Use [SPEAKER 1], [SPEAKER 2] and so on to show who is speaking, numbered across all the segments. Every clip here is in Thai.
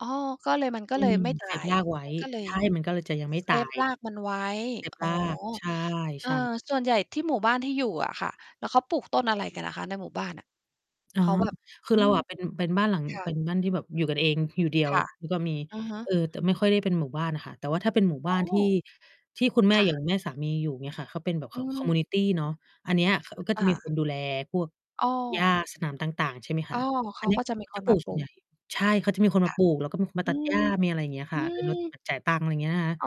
[SPEAKER 1] อ๋อ ก็เลย มันก็
[SPEAKER 2] อื
[SPEAKER 1] เลย
[SPEAKER 2] ม
[SPEAKER 1] ไม่ต
[SPEAKER 2] เ
[SPEAKER 1] า
[SPEAKER 2] ซฟ
[SPEAKER 1] ย
[SPEAKER 2] รากไว้
[SPEAKER 1] มัน ก็เล
[SPEAKER 2] ใ
[SPEAKER 1] ย
[SPEAKER 2] ช่ มันก็เลยจะยังไม่
[SPEAKER 1] เซ
[SPEAKER 2] ตา
[SPEAKER 1] ฟ
[SPEAKER 2] ย
[SPEAKER 1] รากมันไว้
[SPEAKER 2] เซฟ
[SPEAKER 1] อ๋
[SPEAKER 2] ร
[SPEAKER 1] อ
[SPEAKER 2] าก ใช่
[SPEAKER 1] เอ
[SPEAKER 2] ใช
[SPEAKER 1] อ
[SPEAKER 2] ่ค่ะ
[SPEAKER 1] ส่วนใหญ่ที่หมู่บ้านที่อยู่อะค่ะ แล้วเขาปลูกต้นอะไรกันอะคะ ในหมู่บ้านอะ?
[SPEAKER 2] อา
[SPEAKER 1] เขาแบบ
[SPEAKER 2] คื
[SPEAKER 1] อ
[SPEAKER 2] อ
[SPEAKER 1] ื
[SPEAKER 2] เรา
[SPEAKER 1] ม
[SPEAKER 2] อะเป็น เป็นบ้านหลัง
[SPEAKER 1] ค่
[SPEAKER 2] เป
[SPEAKER 1] ะ
[SPEAKER 2] ็นบ้านที่แบบอยู่กันเอง อยู่เดีย
[SPEAKER 1] ค
[SPEAKER 2] ว
[SPEAKER 1] ่ะ
[SPEAKER 2] แล้วก็มี
[SPEAKER 1] อะฮ
[SPEAKER 2] เ
[SPEAKER 1] ะ
[SPEAKER 2] อ่อ แต่ไม่ค่อยได้เป็นหมู่บ้านค่ะ แต่ว่าถ้าเป็นหมู่บ้
[SPEAKER 1] อ๋
[SPEAKER 2] านที
[SPEAKER 1] อ
[SPEAKER 2] ่ ที่คุณแม่
[SPEAKER 1] ค่
[SPEAKER 2] อย่า
[SPEAKER 1] ะ
[SPEAKER 2] งแม่สามีอยู่ เงี้ยค่ะ เขาเป็นแบบข
[SPEAKER 1] อื
[SPEAKER 2] อง คอมมิว
[SPEAKER 1] ม
[SPEAKER 2] นิตี เนาะ อันเนี้ย คน ก็จ
[SPEAKER 1] อ
[SPEAKER 2] ะมีค
[SPEAKER 1] า
[SPEAKER 2] นดูแลพวก
[SPEAKER 1] อ้อ
[SPEAKER 2] หญ้า สนามต่าง ๆ ใช่ไหมค
[SPEAKER 1] อ้
[SPEAKER 2] ะ
[SPEAKER 1] อ เข
[SPEAKER 2] อัน
[SPEAKER 1] า
[SPEAKER 2] เนี้
[SPEAKER 1] ก
[SPEAKER 2] ย
[SPEAKER 1] ็จะม
[SPEAKER 2] เ
[SPEAKER 1] ี
[SPEAKER 2] ขา
[SPEAKER 1] ค
[SPEAKER 2] จะ
[SPEAKER 1] น
[SPEAKER 2] ปล
[SPEAKER 1] ม
[SPEAKER 2] ู
[SPEAKER 1] า
[SPEAKER 2] ก
[SPEAKER 1] ป
[SPEAKER 2] ส่
[SPEAKER 1] ล
[SPEAKER 2] วน
[SPEAKER 1] ู
[SPEAKER 2] ให
[SPEAKER 1] ก
[SPEAKER 2] ญ่ ใช่ เขาจะมีคน
[SPEAKER 1] ค
[SPEAKER 2] มา
[SPEAKER 1] ่ะ
[SPEAKER 2] ปลูก แล้วก็มีคนมา
[SPEAKER 1] อ
[SPEAKER 2] ตั
[SPEAKER 1] ื
[SPEAKER 2] ดหญ้า
[SPEAKER 1] ม
[SPEAKER 2] มีอะไรอย่างเงี้ยค
[SPEAKER 1] อื
[SPEAKER 2] ่ะ เออ รด เหม
[SPEAKER 1] ม
[SPEAKER 2] ือนจ่ายตังค์ อะไรอย่างเงี้ยนะคะ
[SPEAKER 1] อ้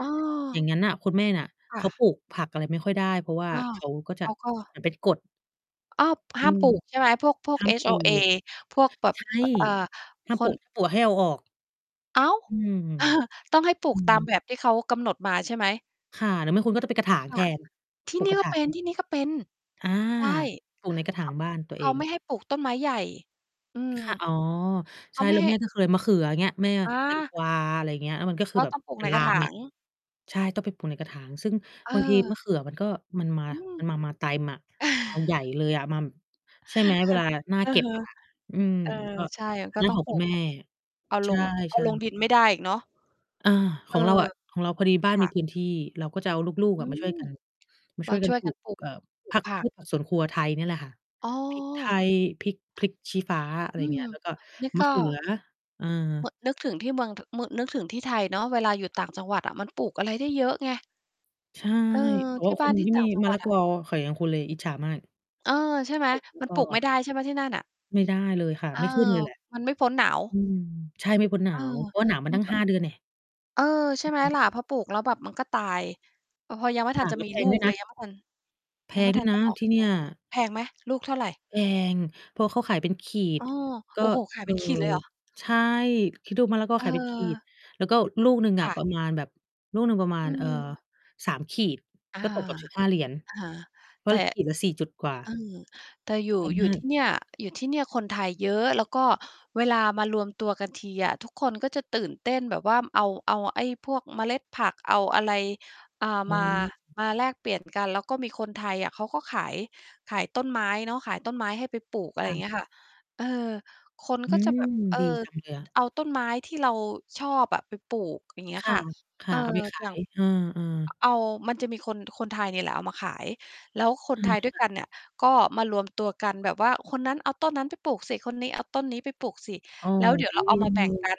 [SPEAKER 2] อย่
[SPEAKER 1] อ
[SPEAKER 2] างงั้นน่ะคุณแม่เนี่ย
[SPEAKER 1] ค
[SPEAKER 2] เ
[SPEAKER 1] ่
[SPEAKER 2] ขา
[SPEAKER 1] ะ
[SPEAKER 2] ปลูกผักอะไรไม่ค่อยได้ เพราะว่า
[SPEAKER 1] อ้าว
[SPEAKER 2] เขาก็จ
[SPEAKER 1] เข
[SPEAKER 2] ะ
[SPEAKER 1] าก็
[SPEAKER 2] มันเป็นกฎ
[SPEAKER 1] อ้าว ห
[SPEAKER 2] อื
[SPEAKER 1] ้าม
[SPEAKER 2] ม
[SPEAKER 1] ปลูกใช่ไหม? พวก พวก
[SPEAKER 2] ห้ามปลู
[SPEAKER 1] HOA
[SPEAKER 2] ก
[SPEAKER 1] พวกแบบ
[SPEAKER 2] ใช่
[SPEAKER 1] อ อ่า
[SPEAKER 2] ห้าม
[SPEAKER 1] ค
[SPEAKER 2] ปลู
[SPEAKER 1] น
[SPEAKER 2] ก ถ้าปลูกให้เอาออก
[SPEAKER 1] อ้าว
[SPEAKER 2] อืม
[SPEAKER 1] ต้องให้ปลู
[SPEAKER 2] อื
[SPEAKER 1] กต
[SPEAKER 2] ม
[SPEAKER 1] ามแบบที่เขากำหนดมา ใช่ไหม
[SPEAKER 2] ค่ะ หรือไม่ คุณก็จะไปกระถาง
[SPEAKER 1] ค
[SPEAKER 2] แ
[SPEAKER 1] ่
[SPEAKER 2] ท
[SPEAKER 1] ะ
[SPEAKER 2] น
[SPEAKER 1] ที
[SPEAKER 2] ป
[SPEAKER 1] ่
[SPEAKER 2] ลู
[SPEAKER 1] น
[SPEAKER 2] ก
[SPEAKER 1] ี่
[SPEAKER 2] กระ
[SPEAKER 1] ก
[SPEAKER 2] ถ
[SPEAKER 1] ็เ
[SPEAKER 2] าง
[SPEAKER 1] ป็น
[SPEAKER 2] อา
[SPEAKER 1] ๆ ใช่
[SPEAKER 2] ปลูกในกระถ
[SPEAKER 1] เข
[SPEAKER 2] าง
[SPEAKER 1] า
[SPEAKER 2] บ้านตัว
[SPEAKER 1] เข
[SPEAKER 2] เอ
[SPEAKER 1] า
[SPEAKER 2] ง
[SPEAKER 1] ไม่ให้ปลูกต้นไม้ใหญ่ อื
[SPEAKER 2] ค
[SPEAKER 1] ม
[SPEAKER 2] ่ะ อ๋อ
[SPEAKER 1] เข
[SPEAKER 2] ใช่
[SPEAKER 1] าไม
[SPEAKER 2] แ
[SPEAKER 1] ่
[SPEAKER 2] ล้ว
[SPEAKER 1] ให้
[SPEAKER 2] แม่ก็เคย มะเขือ เงี้ย แม่ อะ
[SPEAKER 1] อ
[SPEAKER 2] แตง
[SPEAKER 1] า
[SPEAKER 2] กวา อะไรอย่างเงี้ย มันก็คื
[SPEAKER 1] ก
[SPEAKER 2] อ
[SPEAKER 1] ็
[SPEAKER 2] แบ
[SPEAKER 1] ต
[SPEAKER 2] บ
[SPEAKER 1] ้องปลู
[SPEAKER 2] เ
[SPEAKER 1] ก
[SPEAKER 2] ป็
[SPEAKER 1] ใ
[SPEAKER 2] น
[SPEAKER 1] น
[SPEAKER 2] ล
[SPEAKER 1] กร
[SPEAKER 2] า
[SPEAKER 1] ะถ
[SPEAKER 2] มไ
[SPEAKER 1] า
[SPEAKER 2] ง
[SPEAKER 1] ง
[SPEAKER 2] ใช่ ต้องไปปลูกในกระถาง ซึ่ง
[SPEAKER 1] เ
[SPEAKER 2] บางทีมะ
[SPEAKER 1] ออ
[SPEAKER 2] เขือ มันก็มันมา
[SPEAKER 1] อืม
[SPEAKER 2] มันมา มาเต็มอะ มาใหญ่เลยอะ มา ใช่ไหม
[SPEAKER 1] ค
[SPEAKER 2] เว
[SPEAKER 1] ่ะ
[SPEAKER 2] ลาหน้า
[SPEAKER 1] อื
[SPEAKER 2] เก
[SPEAKER 1] อ
[SPEAKER 2] ็บ
[SPEAKER 1] ฮึ
[SPEAKER 2] อะค่ะ อืม
[SPEAKER 1] เออ
[SPEAKER 2] ก็
[SPEAKER 1] ใช่ มั
[SPEAKER 2] อ
[SPEAKER 1] น
[SPEAKER 2] ัน
[SPEAKER 1] ก็
[SPEAKER 2] นั้น
[SPEAKER 1] ต้อ
[SPEAKER 2] ข
[SPEAKER 1] ง
[SPEAKER 2] อง
[SPEAKER 1] ปล
[SPEAKER 2] ค
[SPEAKER 1] ู
[SPEAKER 2] ุณ
[SPEAKER 1] ก
[SPEAKER 2] แม
[SPEAKER 1] แ
[SPEAKER 2] ่
[SPEAKER 1] บบ เอา
[SPEAKER 2] ใ
[SPEAKER 1] ล
[SPEAKER 2] ช
[SPEAKER 1] ง เอา
[SPEAKER 2] ่
[SPEAKER 1] ลง
[SPEAKER 2] ๆ
[SPEAKER 1] ดินไม่ได้อีกเนาะ
[SPEAKER 2] อา
[SPEAKER 1] เ
[SPEAKER 2] ข
[SPEAKER 1] อ
[SPEAKER 2] อ
[SPEAKER 1] อ
[SPEAKER 2] งเราอะ ของเราพอดีบ้า
[SPEAKER 1] ค
[SPEAKER 2] น
[SPEAKER 1] ่
[SPEAKER 2] มี
[SPEAKER 1] ะ
[SPEAKER 2] พื้นที่ เราก็จะเอาลูก ๆ
[SPEAKER 1] อ
[SPEAKER 2] อ
[SPEAKER 1] ื
[SPEAKER 2] ะมา ช
[SPEAKER 1] ม
[SPEAKER 2] ่วยกัน มาช
[SPEAKER 1] ม
[SPEAKER 2] ่
[SPEAKER 1] า
[SPEAKER 2] วยกั
[SPEAKER 1] ช
[SPEAKER 2] น
[SPEAKER 1] ่วย
[SPEAKER 2] ปล
[SPEAKER 1] ก
[SPEAKER 2] ู
[SPEAKER 1] ัน
[SPEAKER 2] ก
[SPEAKER 1] ปลูก
[SPEAKER 2] เอ่อ
[SPEAKER 1] ปลู
[SPEAKER 2] ผ
[SPEAKER 1] ก
[SPEAKER 2] ัก
[SPEAKER 1] ผั
[SPEAKER 2] พ
[SPEAKER 1] ก
[SPEAKER 2] วกผักสวนครัวไทยนี่แหละค่ะ
[SPEAKER 1] อ้
[SPEAKER 2] พริก ไท
[SPEAKER 1] อ
[SPEAKER 2] ย พริก พริกชี้ฟ้า อะไร
[SPEAKER 1] อื
[SPEAKER 2] อย่างเงี
[SPEAKER 1] ม
[SPEAKER 2] ้ย แล้วก็
[SPEAKER 1] นี่
[SPEAKER 2] ม
[SPEAKER 1] ก
[SPEAKER 2] ะ
[SPEAKER 1] ็
[SPEAKER 2] เขือ เออ
[SPEAKER 1] อ นึกถึงที่เมือง ท นึกถึงที่ไทยเนาะ เวลาอยู่ต่างจังหวัดอะมันปลูกอะไรได้เยอะไง
[SPEAKER 2] ใช่
[SPEAKER 1] เออ
[SPEAKER 2] แต่
[SPEAKER 1] ท
[SPEAKER 2] ว่
[SPEAKER 1] ี
[SPEAKER 2] า
[SPEAKER 1] ่
[SPEAKER 2] ค
[SPEAKER 1] บ้า
[SPEAKER 2] น
[SPEAKER 1] นที
[SPEAKER 2] ท
[SPEAKER 1] ่
[SPEAKER 2] ี่
[SPEAKER 1] ต่
[SPEAKER 2] ม
[SPEAKER 1] า
[SPEAKER 2] ี
[SPEAKER 1] งจั
[SPEAKER 2] ม
[SPEAKER 1] ง
[SPEAKER 2] ะ
[SPEAKER 1] หว
[SPEAKER 2] ล
[SPEAKER 1] ัด
[SPEAKER 2] ะก
[SPEAKER 1] อะ
[SPEAKER 2] อ ค่ะ อย่างคุณเลย อิจฉามาก
[SPEAKER 1] เออ ใช่ไหม
[SPEAKER 2] ปลูก ไม่
[SPEAKER 1] มัน
[SPEAKER 2] พ
[SPEAKER 1] ปลูกไม
[SPEAKER 2] อ
[SPEAKER 1] ่ได้ใช่ไหมที่นั่นน่ะ?
[SPEAKER 2] ไม่ได้เลยค่ะ
[SPEAKER 1] เออ
[SPEAKER 2] ไม่ขึ้นเลยแหละ
[SPEAKER 1] มันไม่พ้นหนาว
[SPEAKER 2] อือ ใช่ ไม่พ้นหน
[SPEAKER 1] เ
[SPEAKER 2] า
[SPEAKER 1] ออ
[SPEAKER 2] ว เพราะหนาวมา
[SPEAKER 1] นี
[SPEAKER 2] ต
[SPEAKER 1] ่
[SPEAKER 2] ั้ง
[SPEAKER 1] ก็
[SPEAKER 2] 5 เดือนแน่ะ
[SPEAKER 1] เออ ใช
[SPEAKER 2] อ
[SPEAKER 1] ่
[SPEAKER 2] ื
[SPEAKER 1] ไ
[SPEAKER 2] อ
[SPEAKER 1] หม
[SPEAKER 2] ฮึ
[SPEAKER 1] ล่ะ พอปลูกแล้วแบบมันก็ตาย พอยังไม่
[SPEAKER 2] ค
[SPEAKER 1] ทั
[SPEAKER 2] ่
[SPEAKER 1] น
[SPEAKER 2] ะ
[SPEAKER 1] จะ
[SPEAKER 2] แล้ว
[SPEAKER 1] มี
[SPEAKER 2] แพ
[SPEAKER 1] ล
[SPEAKER 2] ง
[SPEAKER 1] ู
[SPEAKER 2] ด้ว
[SPEAKER 1] ก
[SPEAKER 2] ย
[SPEAKER 1] เ
[SPEAKER 2] น
[SPEAKER 1] ล
[SPEAKER 2] ะ
[SPEAKER 1] ย ยัง ไม่ทัน
[SPEAKER 2] แพ
[SPEAKER 1] ยังไ
[SPEAKER 2] ง
[SPEAKER 1] ม่
[SPEAKER 2] ด้
[SPEAKER 1] ทั
[SPEAKER 2] วย
[SPEAKER 1] น
[SPEAKER 2] น
[SPEAKER 1] จะ
[SPEAKER 2] ะ
[SPEAKER 1] ออก
[SPEAKER 2] ที่เน
[SPEAKER 1] ลู
[SPEAKER 2] ี่ย
[SPEAKER 1] ก แพงไหม? ลูกเท่าไร?
[SPEAKER 2] แพง เพราะเขาขายเป็นขีด
[SPEAKER 1] อ้อ
[SPEAKER 2] ก็
[SPEAKER 1] โอ้โฮ ขา
[SPEAKER 2] เ
[SPEAKER 1] ย
[SPEAKER 2] อ
[SPEAKER 1] เป
[SPEAKER 2] อ
[SPEAKER 1] ็นขีดเลยเหรอ?
[SPEAKER 2] ใช่ คิดดูมะละกอขายเป็นขีด
[SPEAKER 1] เออ
[SPEAKER 2] แล้วก็ลูกหนึ่ง
[SPEAKER 1] ค
[SPEAKER 2] อะ
[SPEAKER 1] ่
[SPEAKER 2] ป
[SPEAKER 1] ะ
[SPEAKER 2] ระมาณแบบลูกหนึ่งประมา
[SPEAKER 1] อื
[SPEAKER 2] ณ เอ่อ
[SPEAKER 1] ม
[SPEAKER 2] 3 ขีด
[SPEAKER 1] อา
[SPEAKER 2] ก็ ตกแบบ $15
[SPEAKER 1] อา
[SPEAKER 2] เพรา
[SPEAKER 1] แต
[SPEAKER 2] ะ
[SPEAKER 1] ่
[SPEAKER 2] ขีดละ 4 จุดกว่า
[SPEAKER 1] เออ แต่อยู่
[SPEAKER 2] แพง
[SPEAKER 1] อยู
[SPEAKER 2] ม
[SPEAKER 1] ่
[SPEAKER 2] า
[SPEAKER 1] ท
[SPEAKER 2] ก
[SPEAKER 1] ี่เนี่ย อยู่ที่เนี่ยคนไทยเยอะ แล้วก็เวลามารวมตัวกันทีอะทุกคนก็จะตื่นเต้นแบบว่าเอา เอาไอ้พวกเมล็ดผัก เอาอะไร อ่า
[SPEAKER 2] อื
[SPEAKER 1] มา
[SPEAKER 2] ม
[SPEAKER 1] มาแลกเปลี่ยนกัน แล้วก็มีคนไทยอะเขาก็ขาย ขายต้นไม้เนาะ ขายต้นไม้ให้ไปปลูก อะไ
[SPEAKER 2] ค
[SPEAKER 1] รอ
[SPEAKER 2] ่
[SPEAKER 1] ย่า
[SPEAKER 2] ะ
[SPEAKER 1] งเงี้ยค่ะ เออ คน
[SPEAKER 2] อื
[SPEAKER 1] ก็จะ
[SPEAKER 2] ม
[SPEAKER 1] แบบ เออ
[SPEAKER 2] ดีจังเลยอะ
[SPEAKER 1] เอาต้นไม้ ที่เรา ชอบอะไปปลูก อย่างเงี
[SPEAKER 2] ค
[SPEAKER 1] ้ย
[SPEAKER 2] ่ะ
[SPEAKER 1] ค่ะ
[SPEAKER 2] ค
[SPEAKER 1] เ
[SPEAKER 2] ่
[SPEAKER 1] อ
[SPEAKER 2] ะ
[SPEAKER 1] อ
[SPEAKER 2] เอาไปขา
[SPEAKER 1] อย่า
[SPEAKER 2] ย
[SPEAKER 1] ง
[SPEAKER 2] เออ ๆ
[SPEAKER 1] เอา มันจะมีคน คนไทยนี่แหละเอามาขาย แล้วค
[SPEAKER 2] เอ
[SPEAKER 1] นไท
[SPEAKER 2] อ
[SPEAKER 1] ยด้ว
[SPEAKER 2] ค
[SPEAKER 1] ย
[SPEAKER 2] ่ะ
[SPEAKER 1] กันเนี่ย ก็มารวมตัว กันแบบว่าคนนั้นเอาต้นนั้นไปปลูกสิ คนนี้เอาต้นนี้ไปปลูกสิ
[SPEAKER 2] อ้อ
[SPEAKER 1] แล้วเดี๋ยว
[SPEAKER 2] ห
[SPEAKER 1] เร
[SPEAKER 2] ิ
[SPEAKER 1] า
[SPEAKER 2] ว
[SPEAKER 1] เอา ม
[SPEAKER 2] จั
[SPEAKER 1] า
[SPEAKER 2] ง
[SPEAKER 1] แบ
[SPEAKER 2] เล
[SPEAKER 1] ่งก
[SPEAKER 2] ย
[SPEAKER 1] ัน